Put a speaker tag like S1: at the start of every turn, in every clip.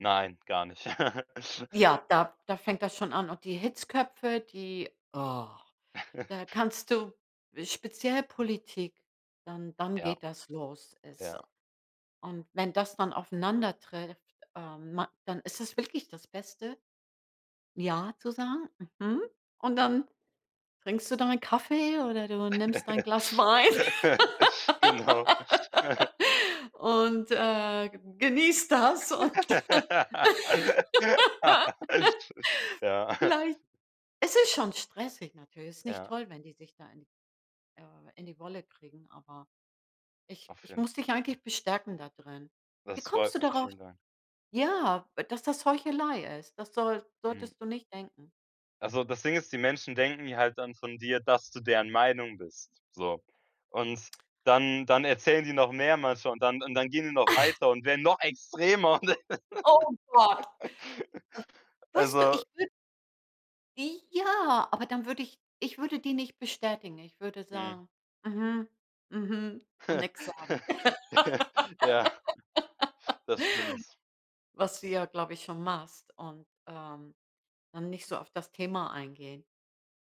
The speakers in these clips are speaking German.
S1: Nein, gar nicht.
S2: Ja, da da fängt das schon an, und die Hitzköpfe, die Da kannst du speziell Politik, dann dann
S1: Ja.
S2: geht das los. Ist so.
S1: Ja.
S2: Und wenn das dann aufeinandertrifft, ähm, ma dann ist es wirklich das Beste, „Ja“ zu sagen, „Mhm“ Und dann trinkst du deinen Kaffee, oder du nimmst dein Glas Wein.
S1: Genau.
S2: Und, äh, ge genießt das, und
S1: Ja.
S2: vielleicht Es ist schon stressig natürlich. Es ist nicht
S1: Ja.
S2: toll, wenn die sich da in äh, in die Wolle kriegen, aber ich
S1: Auf
S2: ich
S1: jeden
S2: muss
S1: Fall.
S2: dich eigentlich bestärken da drin. Wie
S1: Das
S2: kommst
S1: freut
S2: du
S1: mich,
S2: darauf
S1: vielen Dank.
S2: ja, dass das Heuchelei ist? Das soll
S1: Mhm.
S2: solltest du nicht denken.
S1: Ach so, das Ding ist, die Menschen denken ja halt dann von dir, dass du deren Meinung bist, so. Und dann dann erzählen die noch mehr manchmal, und dann und dann gehen die noch weiter und werden noch extremer.
S2: Oh Gott. Äh, weißt du,
S1: Also
S2: ich wür I ja, aber dann würde ich ich würde die nicht bestätigen. Ich würde
S1: Mhm.
S2: sagen: „Mhm. Mhm“, und nix sagen.
S1: Ja, das stimmt.
S2: Was du ja, glaube ich, schon machst und, ähm, dann nicht so auf das Thema eingehen.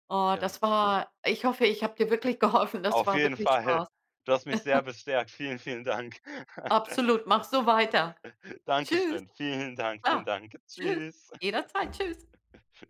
S2: Oh,
S1: Ja.
S2: das war Ich hoffe, ich habe dir wirklich geholfen. Das
S1: Auf
S2: war
S1: jeden
S2: wirklich
S1: Fall!
S2: Spaß.
S1: Du hast mich sehr bestärkt. Vielen, vielen Dank.
S2: Absolut. Mach so weiter. Tschüss.
S1: Dankeschön, vielen Dank, vielen
S2: Ah.
S1: Dank.
S2: Tschüss.
S1: Tschüss.
S2: Jederzeit. Tschüss.